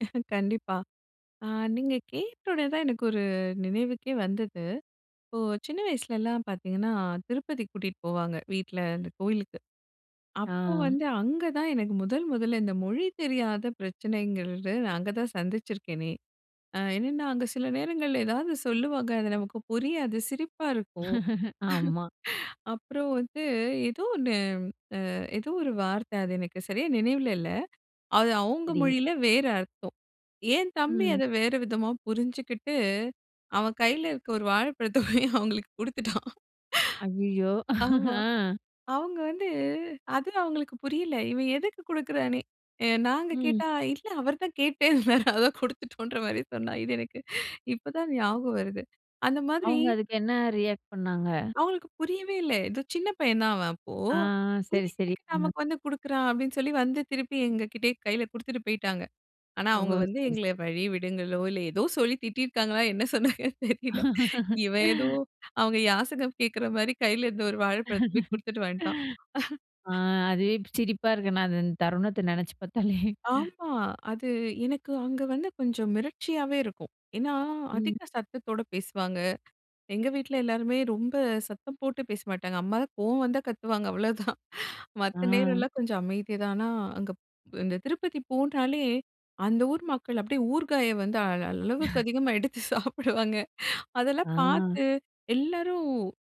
கண்டிப்பா, அ நீங்க கேட்டோனே தான் எனக்கு ஒரு நினைவுக்கே வந்தது. இப்போ சின்ன வயசுலலாம் பாத்தீங்கன்னா, திருப்பதிக்கு கூட்டிட்டு போவாங்க வீட்ல, அந்த கோயிலுக்கு. அப்போ ஆ. வந்து அங்க தான் எனக்கு முதல் முதல்ல இந்த மொழி தெரியாத பிரச்சனைங்கறது, நான் அங்க தான் சந்திச்சிருக்கேனே! அ என்னென்னா, அங்கே சில நேரங்கள்ல ஏதாவது சொல்லுவாங்க. அது நமக்கு புரியாது, சிரிப்பா இருக்கும். ஆமா. அப்புறம் வந்து, ஏதோ ஒண்ணு, அ ஏதோ ஒரு வார்த்த அது எனக்கு சரியா நினைவில இல்ல. அது அவுங்க சரி. மொழியில வேற அர்த்தம். என் தம்பி ம். அத வேற விதமா புரிஞ்சுகிட்டு, அவன் கையில இருக்க ஒரு வாழைப்பழத்த போயி அவுங்களுக்கு குடுத்துட்டான். அய்யயோ! ஆமா. ஆ, அவுங்க வந்து, அது அவுங்களுக்கு புரியல. இவன் எதுக்கு குடுக்கிறான்னே, நாங்க ம். கேட்டா இல்ல அவர் தான் கேட்டுட்டே இருந்தாரு. அதான் குடுத்துட்டோன்ற மாதிரி சொன்னான். இது எனக்கு இப்போ தான் ஞாபகம் வருது. அந்த மாதிரி அவுங்க அதுக்கு என்ன ரியாக்ட் பண்ணாங்க? அவுங்களுக்கு புரியவே இல்ல. ஏதோ சின்ன பையன் தான் அவன் அப்போ. ஆ "இத சரி சரி. எதுக்கு [unintelligible] நமக்கு வந்து குடுக்கிறான்?" அப்டி சொல்லி வந்து திருப்பி எங்க கிட்டயே கையில குடுத்துட்டு போய்ட்டாங்க. ஆனா, ஓ அவுங்க வந்து சரி எங்கள சரி. வழி விடுங்களோ, இல்ல ஏதோ சொல்லி திட்டிருக்காங்களோ என்ன சொன்னாங்கன்னு தெரியல. இவன் ஏதோ அவுங்க யாசகம் கேக்கிற மாரி கையில இருந்த ஒரு வாழைப்பழத்த போய் குடுத்துட்டு வந்த்ட்டான். ஆ அதுவே இப்ப சிரிப்பா இருக்கு. நான் அது அந்த தருணத்த நெனைச்சு பாத்தாலே! ஆமா. அது எனக்கு அங்க வந்து கொஞ்சம் மிரட்சியாவே இருக்கும். ஏன்னா, ம். அதிக சத்தத்தோட பேசுவாங்க. எங்க வீட்ல எல்லாருமே ரொம்ப சத்தம் போட்டு பேச மாட்டாங்க. அம்மா தான் கோவம் வந்தா, கத்துவாங்க. அவ்வளோதான். ஆ. மத்த நேரம்லாம் கொஞ்சம் அமைதியா தான், ஆனா அங்கப் இந்த திருப்பதி போனாலே, அந்த ஊர் மக்கள் அப்டியே ஊருகாய வந்து அளவுக்கு அதிகமாக எடுத்து சாப்பிடுவாங்க. ஆ, அதெல்லாம் பாத்து எல்லாரும்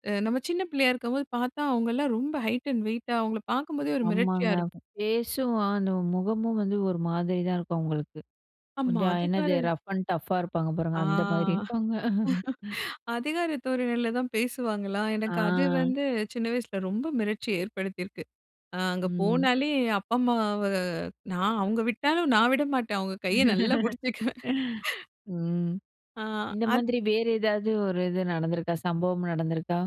அ நம்ம சின்ன பிள்ளையா இருக்கும்போது பாத்தா, அவுங்கலாம் ரொம்ப ஹைட் அண்ட் வெயிட்டா, அவுங்கள பாக்கும்போதே ஒரு மிரட்ச்சியா ஆமாங்க இருக்கும். ஃபேஸும் அந்த முகமும் வந்து ஒரு மாதிரி தான் இருக்கும் அவுங்களுக்கு. அம்மா கொஞ்சம், அதிகார என்னது, ரஃப் அண்ட் டஃப்பா இருப்பாங்க ஆ. பாருங்க, அந்த மாதிரி இருப்பாங்க. அதிகார தோரணையில தான் பேசுவாங்களா, எனக்கு அது ஆ, வந்து சின்ன வயசுல ரொம்ப மிரட்சி ஏற்படுத்தியிருக்கு. அ அங்க ம். போனாலே, அப்பா அம்மாவ நான் அவுங்க விட்டாலும் நான் விட மாட்டேன் அவுங்க கைய நல்லா புடிச்சுக்குவேன். ம். ஆ இந்த அது மாதிரி வேறு ஏதாவது ஒரு இது நடந்திருக்கா? சம்பவம் நடந்திருக்கா?